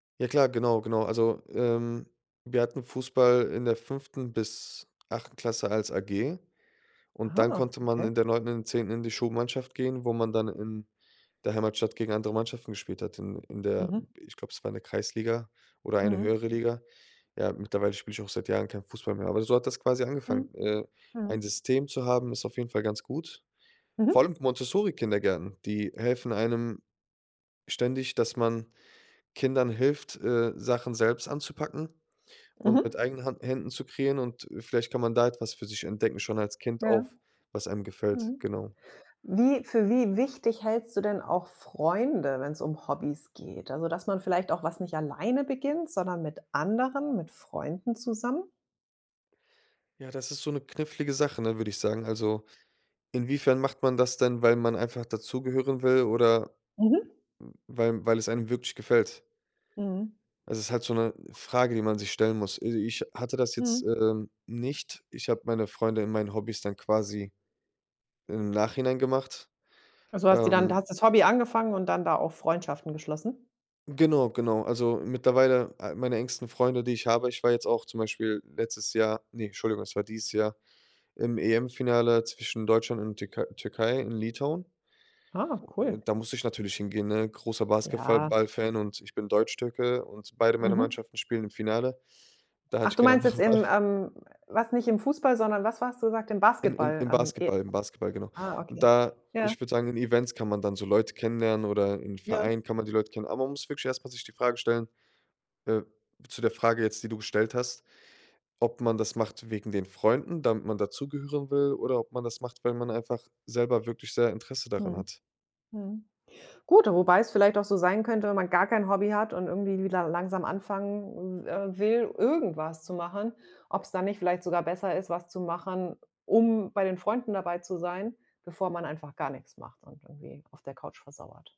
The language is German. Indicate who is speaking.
Speaker 1: Ja klar, genau, genau. Also, ähm, wir hatten Fußball in der 5. bis 8. Klasse als AG und dann
Speaker 2: Ah,
Speaker 1: konnte man in
Speaker 2: okay.
Speaker 1: der 9. und der 10. in die Schulmannschaft gehen, wo man dann in der Heimatstadt gegen andere Mannschaften gespielt hat, in in der
Speaker 2: Mhm.
Speaker 1: ich glaub, es war in der Kreisliga oder eine
Speaker 2: Mhm.
Speaker 1: höhere Liga. Ja, mittlerweile spiele ich auch seit Jahren kein Fußball mehr, aber so hat das quasi angefangen.
Speaker 2: Mhm.
Speaker 1: Äh, ein
Speaker 2: Mhm.
Speaker 1: System zu haben, ist auf jeden Fall ganz gut. Vor
Speaker 2: Mhm.
Speaker 1: allem Montessori-Kindergärten, die helfen einem ständig, dass man Kindern hilft, äh, Sachen selbst anzupacken und mit
Speaker 2: Mhm.
Speaker 1: eigenen Hand Händen zu kreieren und vielleicht kann man da etwas für sich entdecken schon als Kind
Speaker 2: Ja.
Speaker 1: auf was einem gefällt,
Speaker 2: Mhm.
Speaker 1: genau.
Speaker 2: Wie für wie wichtig hältst du denn auch Freunde, wenn's um Hobbys geht? Also, dass man vielleicht auch was nicht alleine beginnt, sondern mit anderen, mit Freunden zusammen?
Speaker 1: Ja, das ist so 'ne knifflige Sache, ne, würde ich sagen. Also, inwiefern macht man das denn, weil man einfach dazugehören will oder
Speaker 2: Mhm.
Speaker 1: weil weil es einem wirklich gefällt?
Speaker 2: Mhm.
Speaker 1: Es ist halt so 'ne Frage, die man sich stellen muss. Also, ich hatte das jetzt,
Speaker 2: Mhm.
Speaker 1: ähm, nicht. Ich habe meine Freunde in meinen Hobbys dann quasi im Nachhinein gemacht.
Speaker 2: Also, hast die dann
Speaker 1: Ähm
Speaker 2: hast das Hobby angefangen und dann da auch Freundschaften geschlossen?
Speaker 1: Genau, genau. Also, mittlerweile ah, meine engsten Freunde, die ich habe ich war jetzt auch zum Beispiel letztes Jahr ne, Entschuldigung, es war dieses Jahr, im EM-Finale zwischen Deutschland und Türkei Türkei in Litauen.
Speaker 2: Ah, cool.
Speaker 1: Da musste ich natürlich hingehen, ne? Großer Basketfa
Speaker 2: Ja.
Speaker 1: ball-Fan und ich bin Deutschtürke und beide meiner
Speaker 2: Mhm.
Speaker 1: Mannschaften spielen im Finale. Da hatte
Speaker 2: Ach,
Speaker 1: ich
Speaker 2: du
Speaker 1: keine
Speaker 2: meinst
Speaker 1: andere
Speaker 2: jetzt
Speaker 1: Wahl.
Speaker 2: im, ähm warst nicht im Fußball, sondern was warst du gesagt- im
Speaker 1: Im im
Speaker 2: Basketball?
Speaker 1: im
Speaker 2: Ähm, e
Speaker 1: Basketball, im Basketball, genau.
Speaker 2: Ah,
Speaker 1: Und
Speaker 2: okay.
Speaker 1: da,
Speaker 2: Ja.
Speaker 1: ich würde sagen, in Events kann man dann so Leute kennenlernen oder in
Speaker 2: Ja.
Speaker 1: Vereinen kann man die Leute kennen. Aber man muss wirklich erst mal sich die Frage stellen, äh zu der Frage jetzt, die du gestellt hast, ob man das macht wegen den Freunden, damit man dazugehören will oder ob man das macht, weil man einfach selber wirklich sehr Interesse daran
Speaker 2: Mhm.
Speaker 1: hat.
Speaker 2: Mhm. Gut, wobei es vielleicht auch so sein könnte, wenn man gar kein Hobby hat und irgendwie wieder langsam anfangen, äh, will, irgendwas zu machen, ob's dann nicht vielleicht sogar besser ist, was zu machen, um bei den Freunden dabei zu sein, bevor man einfach gar nix macht und irgendwie auf der Couch versauert.